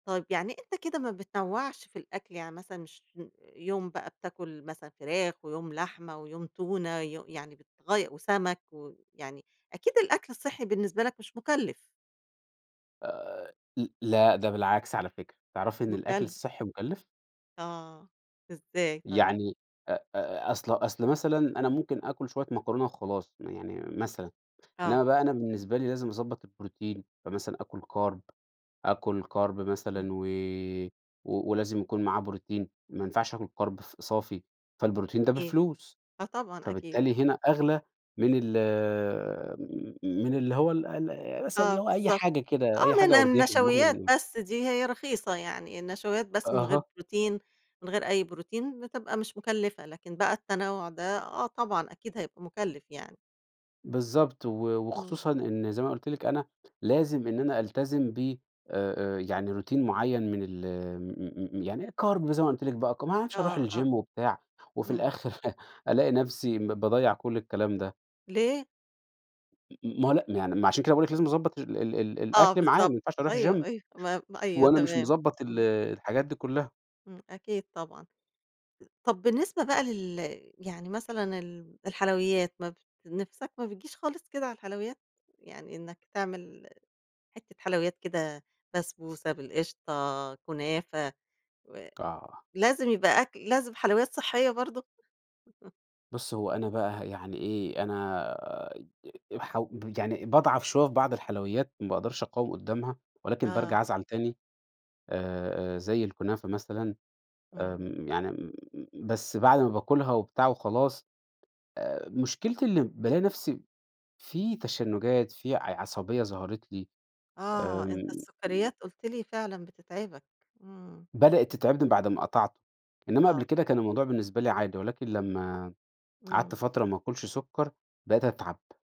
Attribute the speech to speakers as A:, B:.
A: طيب يعني أنت كده ما بتنوَّعش في الأكل، يعني مثلًا مش م يوم بقى بتاكل مثلًا فراخ، ويوم لحمة ويوم تونة وي يعني بتغي وسَمَك، ويعني أكيد الأكل الصحّي بالنسبة لك مش مُكلّف.
B: آآ، ل لأ ده بالعكس، على فكرة، تعرفي إن الأكل
A: مُكَلّ
B: الصحّي مُكلِّف؟
A: آه، إزّاي طيّب؟
B: يعني أ أ أصل أصل مثلًا أنا ممكن آكل شوية مكرونة وخلاص، م يعني مثلًا، إنّما
A: آه.
B: بقى أنا بالنسبة لي لازم أضبط البروتين، فمثلًا آكل كارب، آكل كارب مثلًا
A: إمم.
B: و و ولازم يكون معاه بروتين، ما ينفعش آكل كارب ف صافي، فالبروتين ده
A: إيه؟
B: بفلوس،
A: آه طبعًا أكيد.
B: فبالتالي هنا أغلى من ال م م من اللي هو ال ال مثلًا
A: آه
B: اللي هو أي
A: بالضبط،
B: حاجة كده،
A: آه،
B: أي
A: من
B: حاجة قُرديحي زي ما إحنا
A: النشويات
B: بنقول.
A: بس دي هي رخيصة يعني، النشويات بس من غير
B: أها.
A: بروتين، من غير أي بروتين بتبقى مش مُكلِّفة، لكن بقى التنَوُع ده آه طبعًا، أكيد هيبقى مُكلِّف يعني.
B: بالضبط و
A: إمم.
B: وخصوصًا إن زي ما قُلت لِك أنا، لازم إن أنا ألتزم ب آآ، آآ، يعني Routine معيّن من ال آمم م م يعني كارب، زي ما قُلت لِك بقى ك ما أعرفش أروح
A: آه، آه،
B: الGym وبتاع، وفي
A: إمم.
B: الآخر ألاقي نفْسي م باضَيّع كلّ الكلام ده.
A: ليه؟
B: م م ما هو
A: ي
B: لأ ما يعني، ما عشان كده باقول لِك لازم نضبَّط ال ال ال
A: آه
B: الأكل معاه، ما
A: بالضبط،
B: ينفعش أروح
A: أيوه،
B: Gym،
A: أيوه، ما ب أيوه
B: وأنا مش
A: تمام.
B: مضبَّط ال
A: اهم.
B: الحاجات دي كُلها.
A: إمم. أكيد طبعًا. طب بالنسبة بقى لل يعني مثلًا ال الحلويات، ما ب نِفْسَك ما بتجيش خالص كده على الحلويات؟ يعني إنّك تعمل حِتّة حلويات كده، بسبوسة بالقشطة، كنافة و
B: آه.
A: لازم يبقى أكل لازم حلويات صحّية برضه؟
B: بُصّ هو أنا بقى ه يعني إيه، أنا أ حَو ب يعني باضعف شوية في بعض الحلويات، ما باقدرش أقاوم قُدّامها، ولكن
A: آه.
B: بارجع أزعل تاني، آآ، آآ، زي الكنافة مثلًا،
A: إمم.
B: آمم يعني م بس بعد ما باكُلها وبتاع وخلاص، آآ مشكلتي إنّي بالاقي نفْسي، في تشنُّجات في ع عصبية ظهرت لي،
A: آه،
B: آمم.
A: أنت السُكَّريات قُلت لي فعلًا بتتعبك. إمم.
B: بدأت تتعبني بعد أمّا قطعته، إنّما
A: آه.
B: قبل كده كان الموضوع بالنسبة لي عادي، ولكن لمّا قعدت
A: إمم.
B: فترة ما آكلش سُكَّر، بقيت أتعب.